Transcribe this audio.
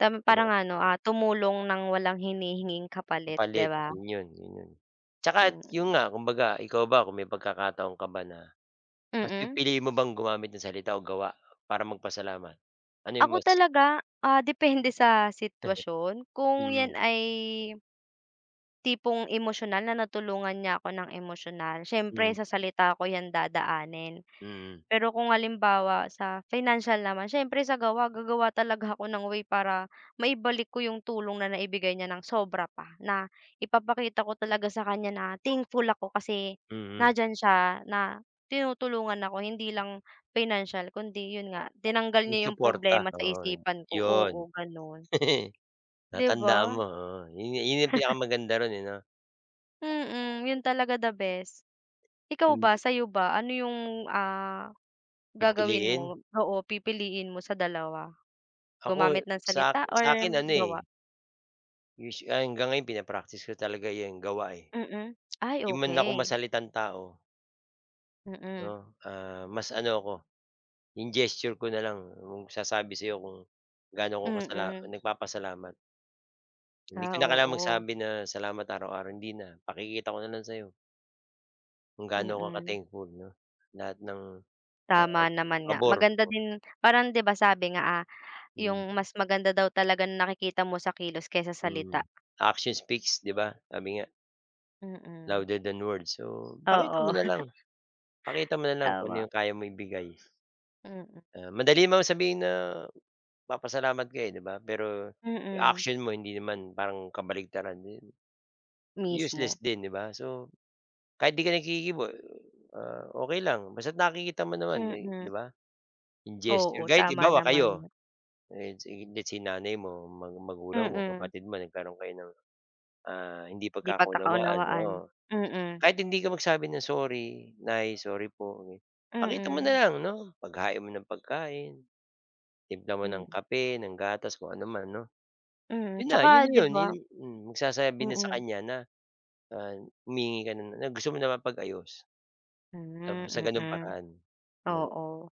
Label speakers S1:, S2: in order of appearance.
S1: Tam
S2: 'Di ba.
S1: parang ano, ah, tumulong ng walang hinihinging kapalit 'di
S2: Papalit
S1: ba?
S2: 'yun 'yon, 'yun 'yon. Tsaka 'yon
S1: Mm.
S2: nga kumbaga ikaw ba kung may pagkakataon ka ba na, mas
S1: Mm.
S2: pipiliin mo bang gumamit ng salita o gawa para magpasalamat? Ano 'yong
S1: Ako
S2: mas
S1: talaga, ah, depende sa sitwasyon kung 'yan
S2: Hmm.
S1: ay tipong emosyonal na natulungan niya 'ko ng emosyonal. Siyempre
S2: Hmm.
S1: sa salita ko 'yan dadaanin.
S2: Mm.
S1: Pero kung halimbawa sa financial naman siyempre sa gawa, gagawa talaga ako ng way para maibalik ko yung tulong na naibigay niya ng sobra pa. Na ipapakita ko talaga sa kaniya na thankful ako kasi
S2: Mm.
S1: nandiyan siya na tinutulungan ako. Hindi lang financial, kundi yun nga tinanggal
S2: Yung
S1: niya yung
S2: suporta
S1: problema sa
S2: oo yun.
S1: isipan ko.
S2: 'yon.
S1: Oo ganun. 'Di
S2: Natandaan
S1: ba.
S2: mo, oo yun yu yun yung hindi pinakamaganda ruon, eh 'no?
S1: Mm. Yun talaga the best. Ikaw ba
S2: Hindi.
S1: sa'yo ba ano yung, ah, gagawin
S2: Pipiliin.
S1: mo oo pipiliin mo sa dalawa?
S2: Ako,
S1: Gumamit ng
S2: sak
S1: salita or
S2: sa 'kin ano
S1: gawa?
S2: eh. [unintelligible] hanggang ngayon pina-practice ko talaga 'yang gawa, eh.
S1: Mm. Ay
S2: Hindi man ako
S1: okey.
S2: masalitang tao.
S1: Mm.
S2: 'No, ah, mas ano ako, 'yong gesture ko na lang yung magsasabi sa 'yo kung gaano ako kasala
S1: Mm.
S2: nagpapasalamat. Hindi
S1: Ah,
S2: ko na kailangan
S1: oo.
S2: magsabi na salamat araw-araw. Hindi na. Pakikita ko na lang sa'yo. Kung gaano
S1: Mm.
S2: ka-thankful 'no, lahat ng, ah,
S1: Tama naman nga.
S2: pabor.
S1: Maganda din parang 'di ba sabi nga, ah,
S2: Mhm.
S1: yung mas maganda daw talagang nakikita mo sa kilos kaysa salita.
S2: Mhm. Action speaks 'di ba sabi nga,
S1: Mm.
S2: louder than words. So pakita mo
S1: Oo.
S2: nalang, pakita mo nalang kung ano
S1: Tama.
S2: yung kaya mo ibigay.
S1: Mm.
S2: Ah, madali man sabihin na papasalamat ka, eh, 'di ba pero 'yong
S1: Mm.
S2: action mo hindi naman parang kabaligtaran iyon. Useless
S1: Mismo.
S2: din 'di ba. So kahit 'di ka naghihiwa, ah, okey lang basta't nakikita mo naman, eh,
S1: Mm.
S2: 'di ba in gesture.
S1: Oo
S2: Kahit
S1: tama
S2: halimbawa
S1: naman
S2: kayo
S1: nga.
S2: ayan si det si nanay mo mga magulang mo,
S1: Mm.
S2: kapatid mo nagkaroon kayo ng, ah, hindi
S1: 'Di
S2: pagkakaunawaan
S1: pagkakaunawaan.
S2: oo.
S1: Mm.
S2: Kahit hindi ka magsabi ng "sorry nay, sorry po" pakita mo na
S1: Mm.
S2: lang 'no paghain mo ng pagkain, timpla mo ng
S1: Hmm.
S2: kape, ng gatas, kung ano man 'no.
S1: Mm.
S2: Yun na, 'yon
S1: Tsaka
S2: na
S1: 'di
S2: 'yon,
S1: ba.
S2: mm. Magsasabi na sa
S1: Mm.
S2: kaniya na, ah, humihingi ka na na, na gusto mo na mapag-ayos tamo sa
S1: Hmm,
S2: ganung
S1: mm.
S2: paraan.
S1: Oo.